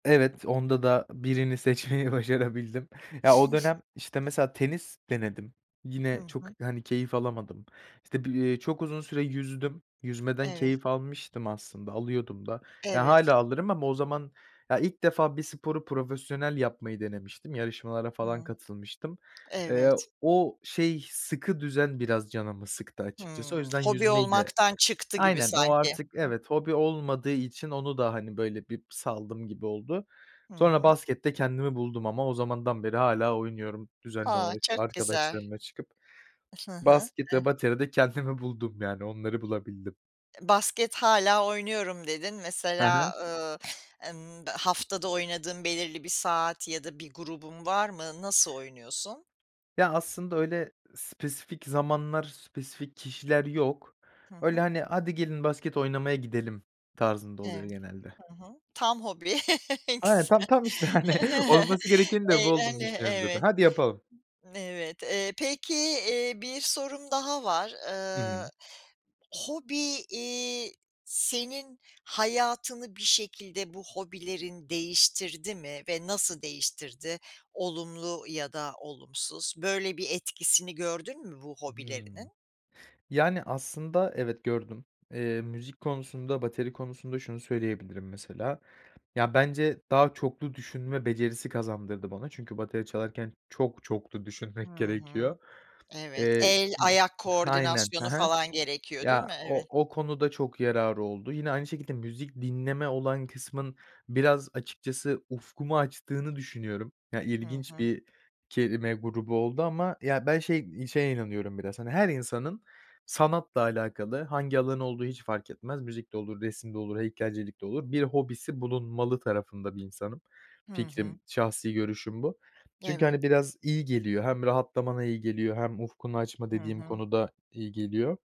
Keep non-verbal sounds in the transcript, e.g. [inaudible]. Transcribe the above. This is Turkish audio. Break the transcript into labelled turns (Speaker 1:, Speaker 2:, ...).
Speaker 1: Evet, onda da birini seçmeyi başarabildim. Ya, o
Speaker 2: [chuckles]
Speaker 1: dönem, işte, mesela tenis denedim.
Speaker 2: Hı
Speaker 1: Yine çok,
Speaker 2: hı.
Speaker 1: hani, keyif alamadım, işte, bi ııı, çok uzun süre yüzdüm. Yüzmeden
Speaker 2: Evet.
Speaker 1: keyif almıştım aslında, alıyordum da. Ya,
Speaker 2: Evet.
Speaker 1: hâlâ alırım ama o zaman, ya, ilk defa bir sporu profesyonel yapmayı denemiştim. Yarışmalara falan
Speaker 2: Hı
Speaker 1: katılmıştım. Eee,
Speaker 2: evet.
Speaker 1: o şey, sıkı düzen biraz canımı sıktı açıkçası, o
Speaker 2: Hımm,
Speaker 1: yüzden
Speaker 2: hobi
Speaker 1: yüzmeyi de
Speaker 2: olmaktan çıktı gibi
Speaker 1: Aynen, o
Speaker 2: sanki.
Speaker 1: artık,
Speaker 2: Hı hı, hı.
Speaker 1: evet, hobi olmadığı için onu da, hani, böyle, bir saldım gibi oldu.
Speaker 2: Hı
Speaker 1: Sonra
Speaker 2: hı.
Speaker 1: baskette kendimi buldum ama. O zamandan beri hâlâ oynuyorum düzenli
Speaker 2: A!
Speaker 1: olarak, işte,
Speaker 2: çok güzel.
Speaker 1: arkadaşlarımla çıkıp.
Speaker 2: Hı hı.
Speaker 1: Basket
Speaker 2: Eh
Speaker 1: ve bateride kendimi buldum, yani, onları bulabildim.
Speaker 2: "Basket hâlâ oynuyorum." dedin.
Speaker 1: Hı hı.
Speaker 2: Mesela, ııı, emm, haftada oynadığın belirli bir saat ya da bir grubun var mı, nasıl oynuyorsun?
Speaker 1: Ya, aslında öyle spesifik zamanlar, spesifik kişiler yok.
Speaker 2: Hı
Speaker 1: Öyle,
Speaker 2: hı.
Speaker 1: hani, "Hadi gelin, basket oynamaya gidelim." tarzında oluyor
Speaker 2: Evet.
Speaker 1: genelde.
Speaker 2: Hı hı. Tam hobi. [chuckles] Ne
Speaker 1: Aynen, tam
Speaker 2: güzel.
Speaker 1: tam, işte, hani, olması gerekenin de bu
Speaker 2: Eğlen
Speaker 1: olduğunu
Speaker 2: E
Speaker 1: düşünüyorum zaten:
Speaker 2: evet.
Speaker 1: "Haydi yapalım."
Speaker 2: Evet, eee, peki, iii, bir sorum daha var,
Speaker 1: Hı
Speaker 2: ııı,
Speaker 1: hı.
Speaker 2: hobi, iii, senin hayatını bir şekilde bu hobilerin değiştirdi mi ve nasıl değiştirdi, olumlu ya da olumsuz? Böyle bir etkisini gördün mü bu
Speaker 1: Hımm.
Speaker 2: hobilerinin?
Speaker 1: Yani, aslında, evet, gördüm. Eee, müzik konusunda, bateri konusunda şunu söyleyebilirim mesela: Ya, bence daha çoklu düşünme becerisi kazandırdı bana. Çünkü bateri çalarken çok çoklu düşünmek
Speaker 2: Hı hı.
Speaker 1: gerekiyor.
Speaker 2: Evet.
Speaker 1: Eee
Speaker 2: El,
Speaker 1: ııı,
Speaker 2: ayak
Speaker 1: aynen, he
Speaker 2: koordinasyonu
Speaker 1: he.
Speaker 2: falan gerekiyor, değil
Speaker 1: Ya,
Speaker 2: mi? Eve
Speaker 1: o o konuda çok yararı oldu. Yine aynı şekilde, müzik dinleme olan kısmın biraz açıkçası ufkumu açtığını düşünüyorum. Ya,
Speaker 2: Hı
Speaker 1: ilginç
Speaker 2: hı.
Speaker 1: bir kelime grubu oldu ama. Ya, ben şey iii, şeye inanıyorum biraz, hani, her insanın, sanatla alakalı, hangi alan olduğu hiç fark etmez, müzik de olur, resim de olur, heykelcilik de olur, bir hobisi bulunmalı tarafında bir insanım.
Speaker 2: Hı hı.
Speaker 1: Fikrim, şahsi görüşüm bu. Çünkü,
Speaker 2: Evet.
Speaker 1: hani, biraz iyi geliyor, hem rahatlamana iyi geliyor hem ufkunu açma
Speaker 2: Hı
Speaker 1: dediğim
Speaker 2: hı.
Speaker 1: konuda iyi geliyor.